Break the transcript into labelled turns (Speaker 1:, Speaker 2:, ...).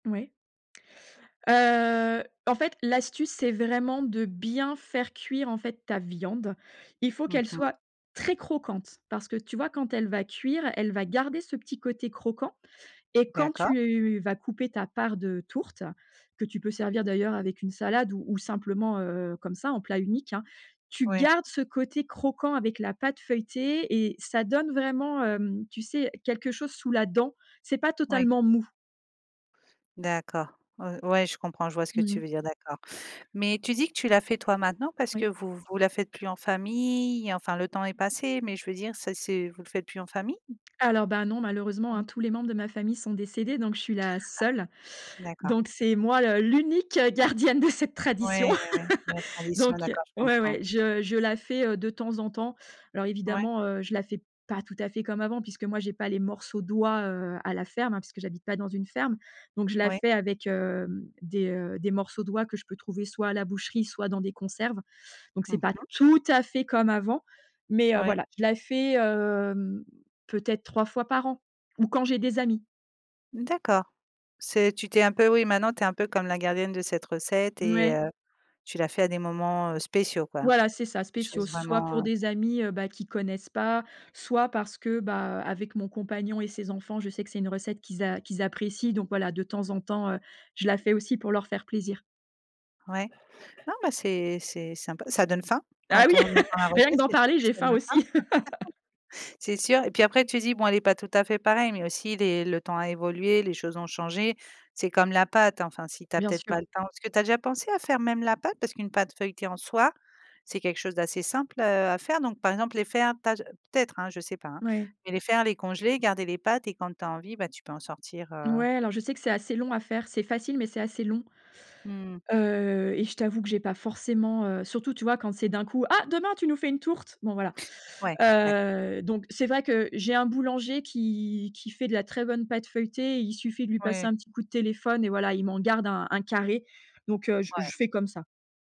Speaker 1: Ouais. Heu, en fait, l'astuce, c'est vraiment de bien faire cuire en fait ta viande. Il faut
Speaker 2: Mmh
Speaker 1: qu'elle
Speaker 2: mh.
Speaker 1: soit très croquante. Parce que tu vois quand elle va cuire, elle va garder ce petit côté croquant et quand
Speaker 2: D'accord.
Speaker 1: tu vas couper ta part de tourte, que tu peux servir d'ailleurs avec une salade ou ou simplement, heu, comme ça en plat unique, hein. Tu
Speaker 2: Ouais.
Speaker 1: gardes ce côté croquant avec la pâte feuilletée et ça donne vraiment, hem, tu sais quelque chose sous la dent, c'est pas
Speaker 2: Oui.
Speaker 1: totalement mou.
Speaker 2: D'accord, ou ouais je comprends, je vois ce que
Speaker 1: Mmh
Speaker 2: tu
Speaker 1: mh.
Speaker 2: veux dire, d'accord, mais tu dis que tu la fais toi maintenant, parce que
Speaker 1: Oui.
Speaker 2: vous vous la faites plus en famille, enfin le temps est passé, mais je veux dire ça c'est vous le faites plus en famille?
Speaker 1: Alors ben non, malheureusement,
Speaker 2: Oui.
Speaker 1: hein, tous les membres de ma famille sont décédés, donc je suis la
Speaker 2: Ah.
Speaker 1: seule,
Speaker 2: D'accord.
Speaker 1: donc c'est moi, le l'unique, heu, gardienne de cette tradition.
Speaker 2: Ouais, ouais, ouais, c'est la tradition
Speaker 1: Donc
Speaker 2: d'accord, je
Speaker 1: ouais,
Speaker 2: comprends.
Speaker 1: ouais, je je la fais, heu, de temps en temps. Alors
Speaker 2: Mouais.
Speaker 1: évidemment, heu, je la fais pas tout à fait comme avant puisque moi j'ai pas les morceaux d'oies, heu, à la ferme, hein, puisque j'habite pas dans une ferme, donc je la
Speaker 2: Oui.
Speaker 1: fais avec, hem, des, heu, des morceaux d'oies que je peux trouver soit à la boucherie, soit dans des conserves, donc
Speaker 2: Mmh
Speaker 1: c'est pas
Speaker 2: mh.
Speaker 1: tout à fait comme avant, mais heu,
Speaker 2: Ouais.
Speaker 1: voilà, je la fais, hem, peut être 3 fois par an, ou quand j'ai des amis.
Speaker 2: D'accord. C'est tu tu es un peu oui maintenant tu es un peu comme la gardienne de cette recette et
Speaker 1: Mouais.
Speaker 2: heu, tu la fais à des moments, heu, spéciaux quoi?
Speaker 1: Voilà, c'est ça,
Speaker 2: Des
Speaker 1: spéciaux,
Speaker 2: choses
Speaker 1: soit
Speaker 2: vraiment,
Speaker 1: pour
Speaker 2: heu
Speaker 1: des amis, heu, bah, qui connaissent pas, soit parce que bah, heu, avec mon compagnon et ses enfants, je sais que c'est une recette qu'ils a qu'ils apprécient, donc voilà, de temps en temps, heu, je la fais aussi pour leur faire plaisir.
Speaker 2: Ouais. Non mais c'est c'est sympa, ça donne faim
Speaker 1: Ah
Speaker 2: quand
Speaker 1: oui,
Speaker 2: on entend la
Speaker 1: rien que
Speaker 2: recette,
Speaker 1: d'en
Speaker 2: c'est sûr
Speaker 1: parler,
Speaker 2: que
Speaker 1: j'ai
Speaker 2: ça donne
Speaker 1: faim aussi.
Speaker 2: faim. C'est sûr et puis après tu dis: «Bon elle est pas tout à fait pareille» mais aussi les le temps a évolué, les choses ont changé. C'est comme la pâte, enfin si tu as
Speaker 1: Bien
Speaker 2: peut-être
Speaker 1: sûr.
Speaker 2: pas le temps. Parce ce que tu as déjà pensé à faire même la pâte? Parce qu'une pâte feuilletée en soi, c'est quelque chose d'assez simple, heu, à faire, donc par exemple les faire, taj heu, peut-être, hein, je sais pas, hein,
Speaker 1: Oui.
Speaker 2: mais les faire, les congeler, garder les pâtes et quand tu as envie, bah, tu peux en sortir, heu.
Speaker 1: Ouais, alors je sais que c'est assez long à faire. C'est facile, mais c'est assez long.
Speaker 2: Mmh.
Speaker 1: Heu, et je t'avoue que j'ai pas forcément, heu, surtout tu vois quand c'est d'un coup: «Ah demain tu nous fais une tourte». Bon voilà,
Speaker 2: Ouais. D'ac
Speaker 1: heu, donc c'est vrai que j'ai un boulanger qui qui fait de la très bonne pâte feuilletée. Il suffit de lui passer
Speaker 2: Oui.
Speaker 1: un petit coup de téléphone et voilà, il m'en garde un un carré, donc heu, je f
Speaker 2: Ouais.
Speaker 1: je fais comme ça.